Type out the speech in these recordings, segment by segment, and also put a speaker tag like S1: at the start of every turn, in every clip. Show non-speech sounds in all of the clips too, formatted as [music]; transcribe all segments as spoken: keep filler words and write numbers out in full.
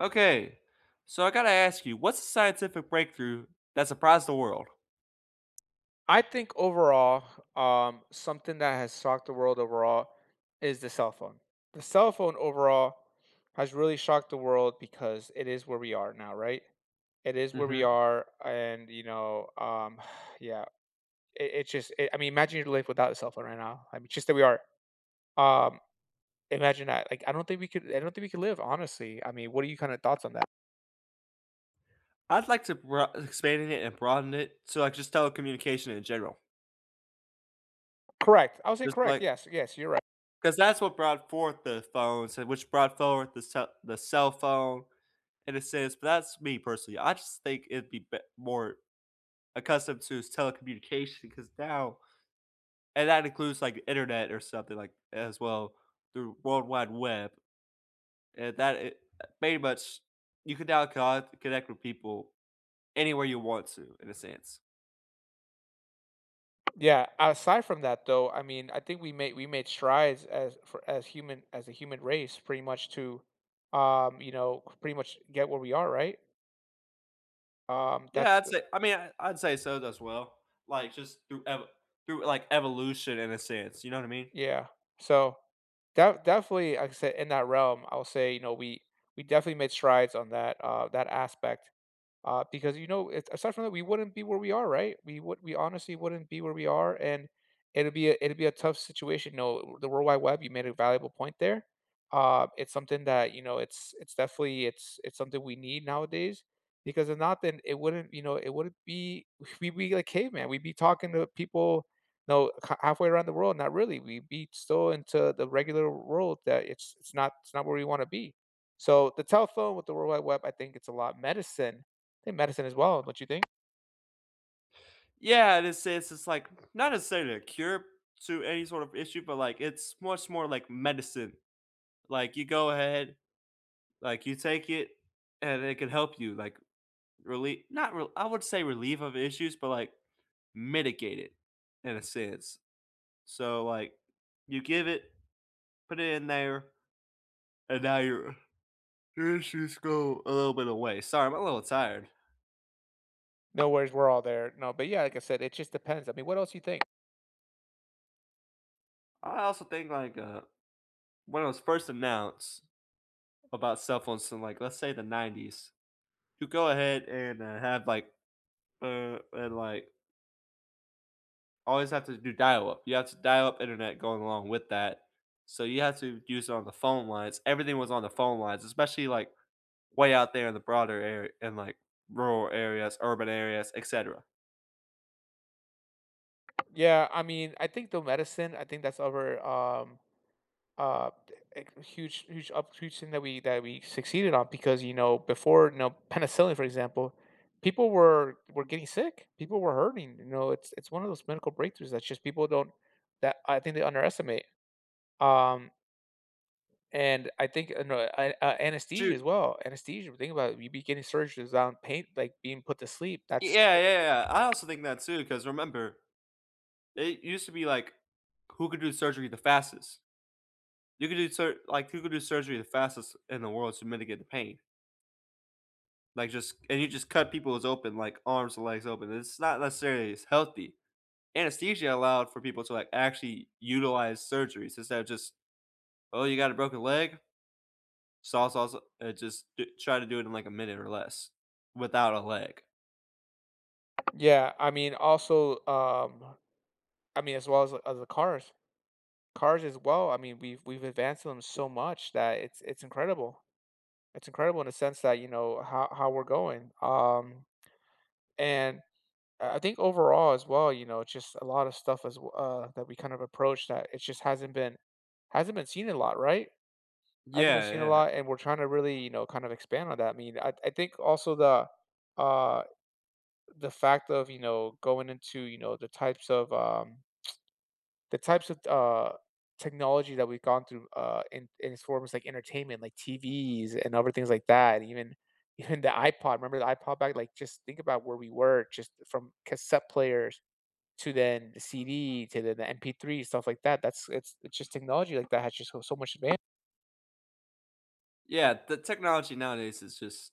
S1: Okay. So I gotta ask you, what's the scientific breakthrough that surprised the world?
S2: I think overall, um, something that has shocked the world overall is the cell phone. The cell phone overall has really shocked the world because it is where we are now. Right? It is where we
S1: Mhm.
S2: are and, you know, um, [sighs] yeah, it it's just i I mean, imagine your life without a cell phone right now. I mean, it's just that we are, um, imagine that. Like, I don't think we could I don't think we could live, honestly. I mean, what are your kinda thoughts on that?
S1: I'd like to broa e expand it and broaden it to, like, just telecommunication in general.
S2: Correct. I would say
S1: Just
S2: correct.
S1: like
S2: Yes. Yes. You're right.
S1: 'Cause that's what brought forth the phones and which brought forward the cell the cell phone in a sense, but that's me personally. I just think it'd be bet more accustomed to s telecommunication 'cause now and that includes like, Internet or something like, a as well through World Wide Web. And that it pey much you can now con connect with people anywhere you want to, in a sense.
S2: Yeah. Aside from that, though, I mean, I think we made we made strides as for as human as a human race pretty much to, um, you know, pretty much get where we are, right? Um,
S1: Yeah,
S2: that's
S1: I'd
S2: the
S1: say I mean, I I'd say so as well, like, just through ev through, uh, like, evolution in a sense, you know what I mean?
S2: Yeah. So, de definitely, like I said, in that realm, I'll say, you know, we we definitely made strides on that, uh that aspect, uh, because, you know, it's aside from that, we wouldn't be where we are, right? We would We honestly wouldn't be where we are, and it'll be a it'll be a tough situation. No, the World Wide Web, you made a valuable point there, um, it's something that, you know, it's it's definitely it's it's something we need nowadays, because if not, then, it wouldn't, you know it wouldn't be we we we'd be like caveman, we'd be talking to people, know, ha halfway around the world, not really, we'd be still into the regular world that it's it's not it's not where we wanna be. So, the telephone with the World Wide Web, I think it's a lot medicine, than medicine as well, don't you think?
S1: Yeah, this is it's like not necessarily a cure to any sort of issue, but, like, it's much more like medicine. Like, you go ahead, like, you take it, and it can help you, like, really not real I wouldn't say relieve of issues, but, like, mitigate it in a sense. So, like, you give it, put it in there, and now you're [yawns] issues go a little bit away. Sorry, I'm a little tired.
S2: No worries, we're all there no, but yeah, like I said, it just depends, I mean, what else do you think?
S1: I also think, like, uh, when it was first announced about cell phones in, like, let's say, the nineties. You go ahead and, uh, have, like uh, and, like always have to do dial-up you have to dial-up internet, going along with that. So, you have to use it on the phone lines everything was on the phone lines, especially, like, way out there in the broader are and, like, rural areas, urban areas, etcetera.
S2: Yeah, I mean, I think the medicine I think that's our, um uh eh eh huge huge up huge thing that we that we succeeded on because, you know, before you know, penicillin, for example people were were getting sick, people were hurting, you know? It's it's one of those medical breakthroughs that's just people don't that, I think they underestimate. Um and, I think uh, no, I uh, anesthesia, as
S1: True.
S2: well anesthesia when you think about it, we begin surgeries on pain like, being put to sleep,
S1: Y
S2: that's
S1: yeah, yeah, I also think that too 'cause remember, it used to be like, who could do surgery the fastest? You could do sur like, who could do surgery the fastest in the world to mitigate the pain? Like, just and you just cut peoples open like, arms and legs open, it's not, necessarily as healthy. Anesthesia allowed for people to, like, actually utilize surgeries, instead of just "Oh, you got a broken leg?" Saw, saw, s and it, just d try to do it in, like, a minute or less, without a leg.
S2: Yeah, I mean, also, um I mean, as well as the as the cars cars, as well, I mean, we've we've advanced them so much that it's it's incredible. It's incredible in a sense that, you know, ho how we're going, um, and I I think overall, as well, you know, it's just a lotta stuff as w uh, that we, kind of approach that it just hasn't been hasn't been seen a lot, right? Hasn't been
S1: Yeah,
S2: seen a
S1: yeah.
S2: lot, and we're trying to really, you know, kind of expand on that, I mean, I I think also the, uh the fact of, you know, going into, you know, the types of, um [tsk] the types of th uh, technology that we've gone through, uh, in in its forms, like entertainment, like TVs, and other things like that, and even even the iPod remember the iPod? Back like, just think about where we were just from cassette players, to then the C-D, to the the MP3, stuff like that, that's it's it's just technology like that has just so so much adva
S1: Yeah, the technology, nowadays, is just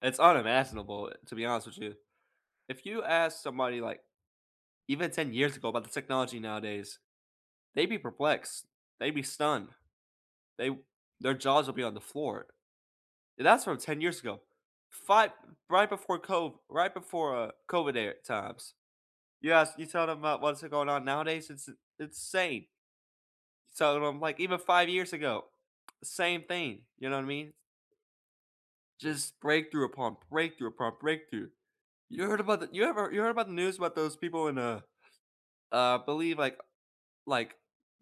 S1: it's unimaginable, to be honest with you. If you ask somebody, like even ten years ago, about the technology, nowadays, they'd be perplexed. They'd be stunned. They their jaws will be on the floor. And, that's from ten years ago. Fi right before COV right before, uh, COVID er times. You ask you tell them about what's going on, nowadays? It's it's it's itsane. So, then I'm, like even five years ago same thing, you know what I mean? Just breakthrough, upon breakthrough, upon breakthrough. You heard about the you ever you heard about the news about those people in, uh, I believe, like like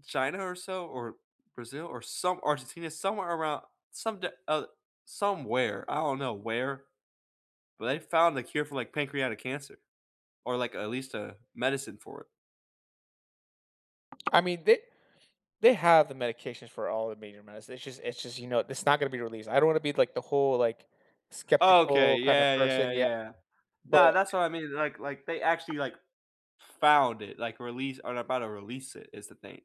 S1: China, or so? Or, Brazil? Or, some Argentina? Somewhere around somed uh, somewhere, I don't know where. But, they found a cure for, like, pancreatic cancer. Or, like, at least a medicine for it.
S2: I mean, they they have the medications for all the major meds, it's just it's just, you know, it's not gonna be released, I don't wanna be, like, the whole, like,
S1: Okay,
S2: skeptical, kinda
S1: yeah, yeah,
S2: person yeah,
S1: yeah.
S2: but
S1: No, that's what I mean, like like, they actually, like, found it, like, release or about to release it, is the thing.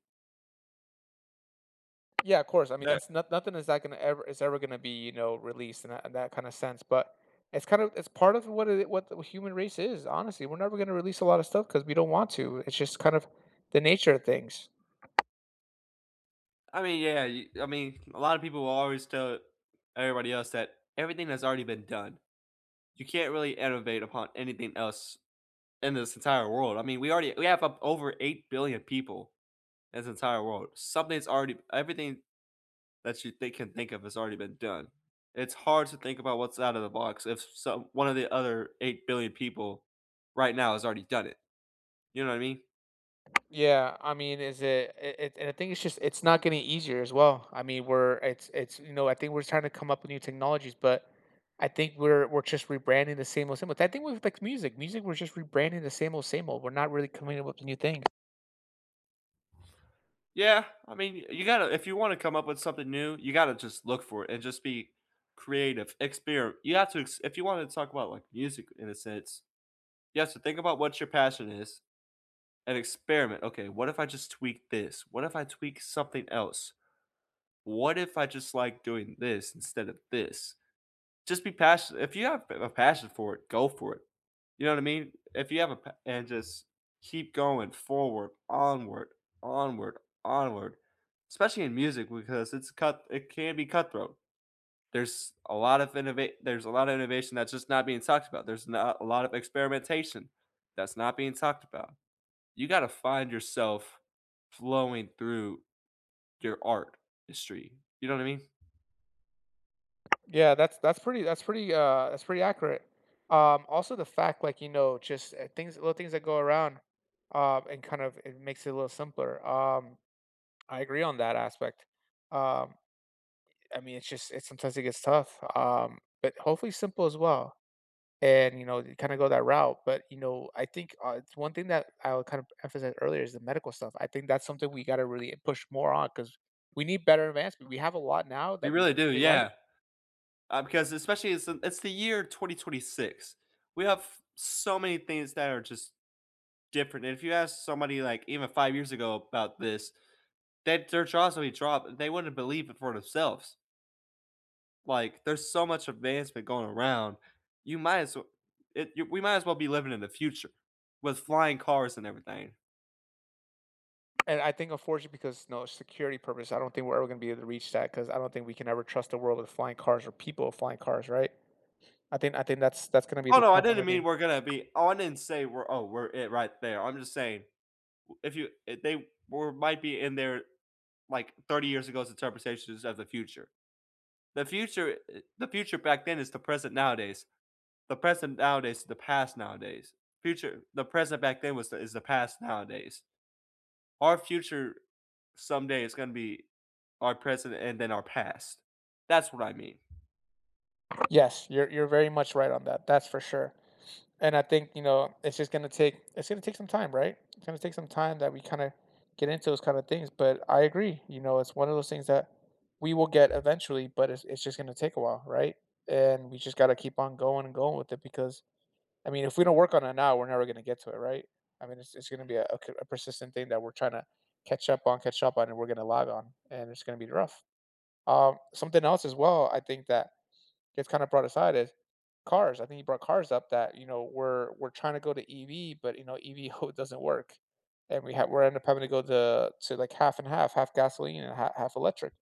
S2: Yeah, of course, I mean,
S1: That
S2: that's not nothing is that gonna ever is ever gonna be, you know, released in that in that kinda sense, but it's, kind of it's part of what it what the human race is, honestly, we're never gonna release a lotta stuff 'cause we don't want to, it's just, kind of the nature of things.
S1: I mean, yeah, y I mean, a lotta people will always tell everybody else that everything has already been done. You can't really innovate upon anything else in this entire world. I mean, we already we have up over eight billion people in this entire world. Something's already everything that you think of think of has already been done. It's hard to think about what's outta the box if s some one of the other eight billion people right now has already done it. You know what I mean?
S2: Yeah, I mean, is it it it and I think it's just it's not getting easier as well. I mean, we're it's it's, you know, I think we're just tryna come up with new technologies. But, I think we're we're just rebranding the same old same old I think we've vexed music. Music, we're just rebranding the same old same old. We're not really coming up with a new thing.
S1: Yeah, I mean, y you gotta if you wanna come up with something new, you gotta just look for it and just be creative, experi You have to ex if you wanna talk about, like, music in a sense, you have to think about what your passion is, and experiment, "Okay, what if I just tweak this? What if I tweak something else? What if I just like doing this instead of this?" Just be passi if you have, eh, a passion for it, go for it, you know what I mean? If you have a pa and just keep going forward, onward, onward, onward. Especially in music because it's cut it can be cutthroat. There's a lot of innova There's a lotta innovation that's just not being talked about, there's not a lotta experimentation that's not being talked about. You gotta find yourself flowing through your art history, you know what I mean?
S2: Yeah, that's that's pretty that's pretty uh, that's pretty accurate. Um, also the fact, like, you know, just, eh, things little things that go around, um, and kind of it makes it a little simpler. Um, I agree on that aspect. Um, I mean, it's just it's sometimes it gets tough, um, but hopefully simple as well. And, you know, you kinda go that route. But, you know, I think, uh, it's one thing that I would kinda emphasize earlier is the medical stuff. I think that's something we gotta really push more on 'cause we need better advancement. We have a lot now
S1: You
S2: that we
S1: really do,
S2: we like.
S1: yeah. Um, because especially it's, um it's the year twenty twenty six. We have so many things that are just different. And if you ask somebody, like, even five years ago about this, that their jaws will be dropped, uh, they wouldn't believe it for themselves. Like, there's so much advancement going around, you might as well it you We might as well be living in the future with flying cars and everything.
S2: And I think, unfortunately, because, you know, security purpose, I don't think we're ever gonna be able to reach that, 'cause I don't think we can ever trust the world of flying cars or people of flying cars, right? I think I think that's that's gonna be
S1: Oh
S2: the
S1: no, I
S2: tough one
S1: didn't
S2: with you.
S1: mean we're gonna be on and say, "We're Oh, we're it right there." I'm just saying, w if you if they we're might be in there, like, thirty years ago since interpretation of the future. The future it The future back then is the present nowadays. The present nowadays is the past nowadays. Future The present back then was is the past nowadays. Our future someday is gonna be our present and then our past. That's what I mean.
S2: Yes, you're you're very much right on that, that's for sure, and I think, you know, it's just gonna take it's gonna take some time, right? It's gonna take some time that we kinda get into those kind of things, but I agree, you know, it's one of those things that we will get eventually, but it's it's just gonna take a while, right? And, we just gotta keep on going and going with it because I mean, if we don't work on it now, we're never gonna get to it, right? I mean, it's it's gonna be a c a persistent thing that we're tryna catch up on, catch up on, and we're gonna log on, and it's gonna be rough. Um, something else as well, I think that it's kinda brought aside is cars, I think he brought cars up that, you know, we're we're trying to go to EV, but, you know, EV, oh, doesn't work, and we have we're end up having to go to to, like, half and half, half gasoline and ha half electric,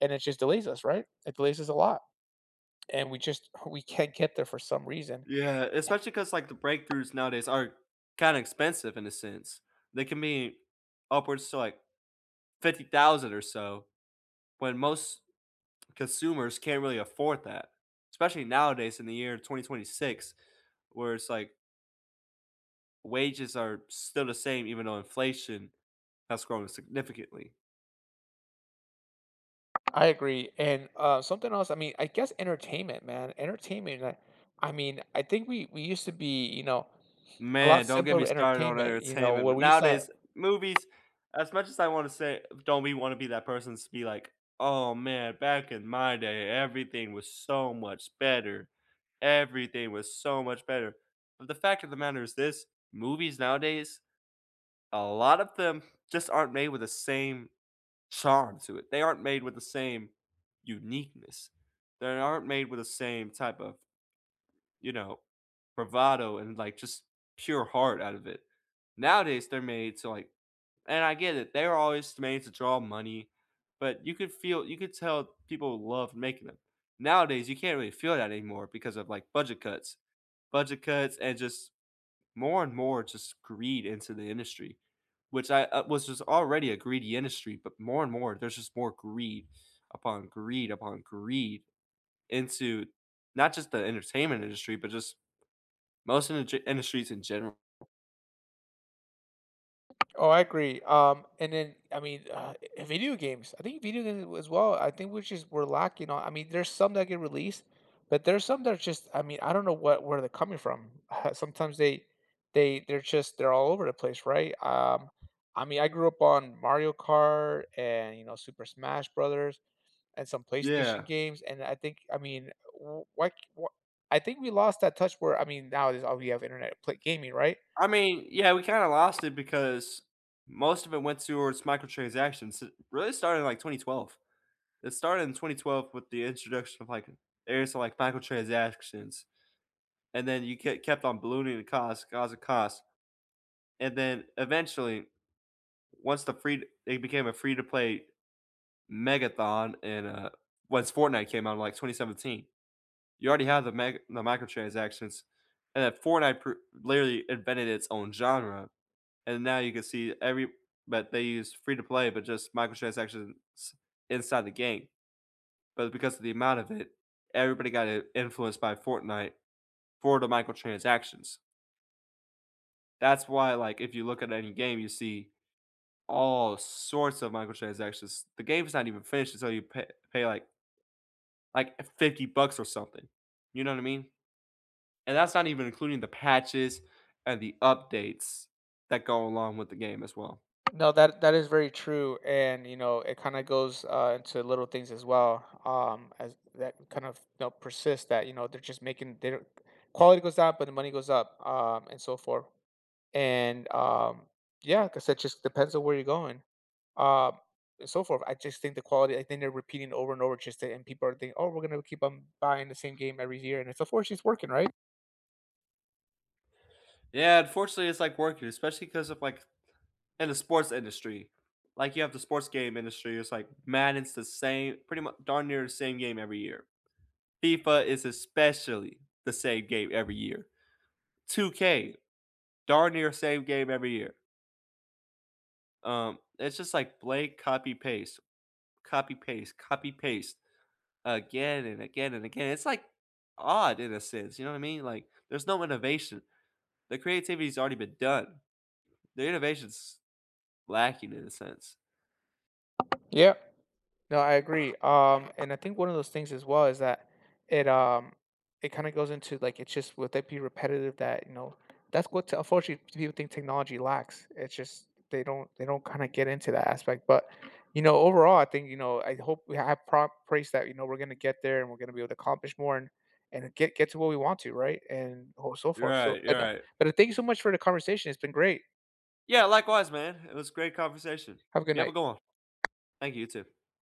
S2: and it just delays us, right? It delays us a lot, and we just hu we can't get there for some reason.
S1: Yeah, especially 'cause, like, the
S2: [chuckles]
S1: breakthroughs nowadays are kinda expensive in a sense. They can be upwards to, like, fifty thousand or so, when most consumers can't really afford that. Especially nowadays in the year twenty twenty-six, where it's like wages are still the same even though inflation has grown significantly.
S2: I agree, and, uh, something else. I mean, I guess entertainment, man, entertainment, like, I mean, I think we we used to be, you know a lot
S1: Man, don't get me
S2: simpler
S1: started on
S2: entertainment. You know,
S1: entertainment.
S2: where
S1: N
S2: we used to
S1: Nowadays, movies, as much as I wanna say don't be-wanna be that person's to be like, "Oh man, back in my day everything was so much better. Everything was so much better," but the fact of the matter is this, movies nowadays, a lot of them just aren't made with the same charm to it. They aren't made with the same uniqueness. They aren't made with the same type of, you know, bravado, and, like, just pure heart out of it. Nowadays, they're made to, like And I get it, they're all just made to draw money, but you could feel you could tell people love making them. Nowadays, you can't really feel that anymore because of, like, budget cuts. Budget cuts, and just more and more just greed into the industry. Which I, uh, was just already a greedy industry, but more and more there's just more greed, upon greed, upon greed, into not just the entertainment industry, but just most indu industries in general.
S2: Oh, I agree, um, and then, I mean, uh, eh, video games, I think video gaming, as well. I think we're just we're lacking on I mean, there's some that get released, but there's some that are just I mean, I don't know what where they're coming from, sometimes they they they're just they're all over the place, right? Um, I mean, I grew up on Mario Kart, and, you know, Super Smash Brothers, and some
S1: Yeah.
S2: PlayStation games, and I think I mean, w why c wha I think we lost that touch where I mean, now it's all we have Internet to play gaming, right?
S1: I mean, yeah, we kinda lost it because most of it went towards microtransactions. It really started in, like, twenty-twelve. It started in twenty-twelve with the introduction of, like, areas of, like, microtransactions, and then you ke kept on ballooning the cost, 'cause of cost, and then, eventually, once the free it became a free-to-play megathon and, uh, once Fortnite came out in, like, twenty-seventeen, you already have the meg the microtransactions, and then Fortnite pr literally invented its own genre, and now you can see every but they use free-to-play but just microtransactions inside the game. But because of the amount of it, everybody got, in influenced by Fortnite for the microtransactions. That's why, like, if you look at any game, you see all sorts of microtransactions. The game's not even finished until you pay pay, like like, fifty bucks or something. You know what I mean? And that's not even including the patches and the updates that go along with the game as well.
S2: No, that that is very true, and, you know, it kinda goes uh, into little things as well um, as that kind of, you know, persist that, you know, they're just making they don't quality goes up, but the money goes up, uh, and so forth, and, um, yeah, 'cause it just depends on where you're going, uh, and so forth. I just think the quality I think they're repeating over and over just to and people are thinking, "Oh, we're gonna keep 'em buying the same game every year," and so far, she's working, right?
S1: Yeah, unfortunately, it's, like, working, especially 'cause of, like, in the sports industry. Like, you have the sports game industry, it's, like, Madden's the same pretty much darn near the same game every year. FIFA is especially the same game every year. two k, darn near the same game every year. Um, it's just, like, blank, copy, paste, copy, paste, copy, paste. Again and again and again. It's, like, odd in a sense. You know what I mean? Like, there's no innovation. The creativity's already been done. The innovation's lacking in a sense.
S2: Yeah. No, I agree, um, and I think one of those things as well is that it um, it kinda goes into, like, it's just would they be repetitive that you know, that's what, unfortunately, people think technology lacks. It's just they don't they don't kinda get into that aspect. But, you know, overall, I think, you know, I hope we have prop praise that, you know, we're gonna get there, and we're gonna be able to accomplish more and and get get to what we want to, right, and oh so
S1: You're
S2: forth. So,
S1: right,
S2: like,
S1: you're
S2: uh,
S1: right.
S2: but thank you so much for the conversation. It's been great.
S1: Yeah, likewise, man. It was a great conversation.
S2: Have a good
S1: You have a
S2: night.
S1: good one. Thank you. You too.